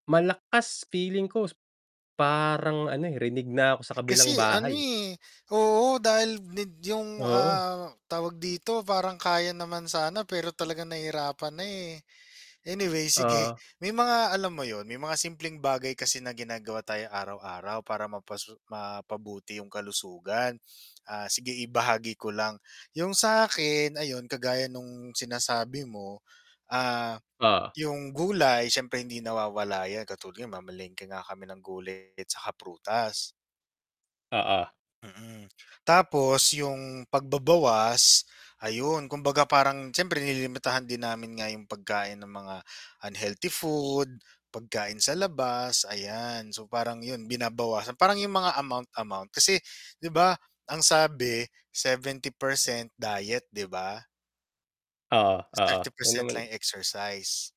Malakas, feeling ko parang ano, eh, rinig na ako sa kabilang Kasi ano, bahay, eh. eh, oo, dahil need yung, Oo. ah, tawag dito, parang kaya naman sana, pero talagang nahihirapan na, eh. Anyway, sige, Oo. may mga alam mo yun, may mga simpleng bagay kasi na ginagawa tayo araw-araw para mapasu mapabuti yung kalusugan. Ah, sige ibahagi ko lang. Yung sa'kin ayun, kagaya nung sinasabi mo, ah, Oh. yung gulay siyempre hindi nawawala 'yan katulad yan mamalengke nga kami ng gulay tsaka prutas. Oo. Mm. Tapos yung pagbabawas ayun, kumbaga parang siyempre nililimitahan din namin nga yung pagkain ng mga unhealthy food, pagkain sa labas, ayan. So, parang yun binabawasan parang yung mga amount-amount. Kasi 'di ba ang sabi, 70% diet, 'di ba? Oo, Ta's oo, thirty na percent lang naman yung exercise.